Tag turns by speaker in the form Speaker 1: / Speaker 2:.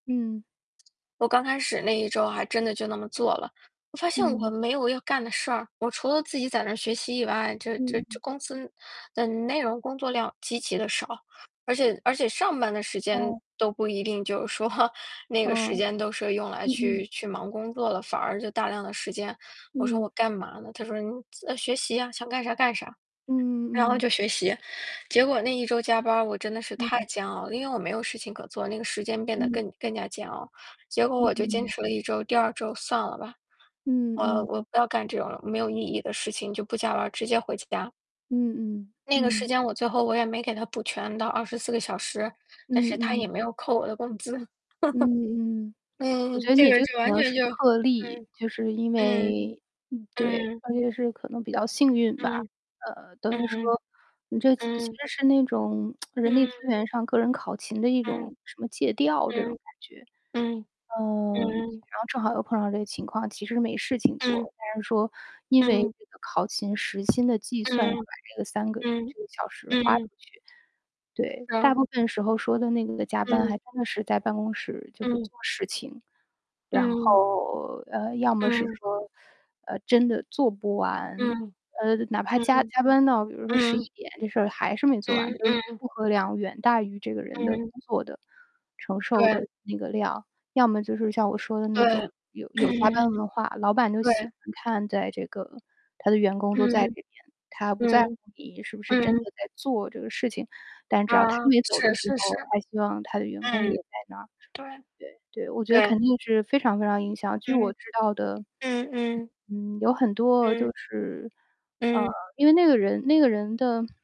Speaker 1: 嗯。
Speaker 2: 我刚开始那一周还真的就那么做了，我发现我
Speaker 1: 嗯。
Speaker 2: 没有要干的事儿，我除了自己在那学习以外，这这这
Speaker 1: 嗯。
Speaker 2: 公司的内容工作量极其地少。而且而且上班的时间
Speaker 1: 哦。
Speaker 2: 都不一定就是说那个时
Speaker 1: 嗯。
Speaker 2: 间都是用来
Speaker 1: 嗯
Speaker 2: 去
Speaker 1: 嗯。
Speaker 2: 去忙工作了，反而就大量的时间，我说我
Speaker 1: 嗯。
Speaker 2: 干嘛呢？他说：“你自啊，学习啊，想干啥干啥。”
Speaker 1: 嗯
Speaker 2: 然后
Speaker 1: 嗯嗯。
Speaker 2: 就学习，结果那一周加班儿，我真的是太
Speaker 1: 嗯。
Speaker 2: 煎熬了，因为我没有事情可做，那个时间变得
Speaker 1: 嗯。
Speaker 2: 更更加煎熬。结果
Speaker 1: 嗯
Speaker 2: 我就坚
Speaker 1: 嗯。
Speaker 2: 持了1周，第2周算了吧。
Speaker 1: 嗯
Speaker 2: 我
Speaker 1: 嗯。
Speaker 2: 我不要干这种没有意义的事情就不加班儿，直接回家。
Speaker 1: 嗯嗯，
Speaker 2: 那个时
Speaker 1: 嗯。
Speaker 2: 间我最后我也没给他补全到24个小时，但是
Speaker 1: 嗯
Speaker 2: 他也
Speaker 1: 嗯。
Speaker 2: 没有扣我的工资。
Speaker 1: 嗯嗯，我觉
Speaker 2: 嗯，
Speaker 1: 得
Speaker 2: 这
Speaker 1: 你也
Speaker 2: 个
Speaker 1: 就
Speaker 2: 就
Speaker 1: 可
Speaker 2: 完
Speaker 1: 能
Speaker 2: 全
Speaker 1: 是
Speaker 2: 就
Speaker 1: 特例，
Speaker 2: 嗯，
Speaker 1: 就是因
Speaker 2: 嗯，
Speaker 1: 为嗯，对，
Speaker 2: 嗯。
Speaker 1: 大约是可能是比较幸运吧，
Speaker 2: 嗯。
Speaker 1: 呃，
Speaker 2: 嗯
Speaker 1: 等于说
Speaker 2: 嗯，
Speaker 1: 你这次其
Speaker 2: 嗯。
Speaker 1: 实是那种 人力资
Speaker 2: 嗯。
Speaker 1: 源上个人考勤的一
Speaker 2: 嗯，
Speaker 1: 种什么借调这种
Speaker 2: 嗯，
Speaker 1: 感觉。
Speaker 2: 嗯，
Speaker 1: 呃，
Speaker 2: 嗯嗯。
Speaker 1: 然后正好又碰到这个情况，其实没事情
Speaker 2: 嗯。
Speaker 1: 做，但是说，因为
Speaker 2: 嗯。
Speaker 1: 这个考勤时薪的计算
Speaker 2: 嗯，
Speaker 1: 要把这个3个
Speaker 2: 嗯，
Speaker 1: 这个小时
Speaker 2: 嗯
Speaker 1: 花出
Speaker 2: 嗯。
Speaker 1: 去，对。大
Speaker 2: 哦。
Speaker 1: 部分时候说的那个加班
Speaker 2: 嗯。
Speaker 1: 还真的是在办公室就是
Speaker 2: 嗯。
Speaker 1: 做事情，然
Speaker 2: 嗯。
Speaker 1: 后，呃，要么是
Speaker 2: 嗯。
Speaker 1: 说，呃，真的做不完，
Speaker 2: 嗯，
Speaker 1: 呃，哪怕加
Speaker 2: 嗯
Speaker 1: 加班到比如说十
Speaker 2: 嗯，
Speaker 1: 一
Speaker 2: 嗯。
Speaker 1: 点，这事还是没做完，
Speaker 2: 嗯
Speaker 1: 就是
Speaker 2: 嗯。
Speaker 1: 负荷量远大于这个人的工
Speaker 2: 嗯。
Speaker 1: 作的承受
Speaker 2: 对。
Speaker 1: 的那个量。要么就是像我说的那种，
Speaker 2: 对。
Speaker 1: 有有加 班文化，老板都喜
Speaker 2: 对。
Speaker 1: 欢看，在这个他的员工都在这
Speaker 2: 嗯，
Speaker 1: 边，他不在乎
Speaker 2: 嗯，
Speaker 1: 你是不是真的
Speaker 2: 嗯。
Speaker 1: 在做这个事情，但只要他
Speaker 2: 啊，
Speaker 1: 没走
Speaker 2: 是
Speaker 1: 的时
Speaker 2: 是是。
Speaker 1: 候，他希望他的员工也
Speaker 2: 嗯，
Speaker 1: 在那儿。
Speaker 2: 对，
Speaker 1: 对对，我觉得
Speaker 2: 对。
Speaker 1: 肯定是非常非常影响，据我
Speaker 2: 嗯。
Speaker 1: 知道的，
Speaker 2: 嗯嗯。
Speaker 1: 嗯，有很多
Speaker 2: 嗯。
Speaker 1: 就是呃，
Speaker 2: 嗯。
Speaker 1: 因为那个人那个人的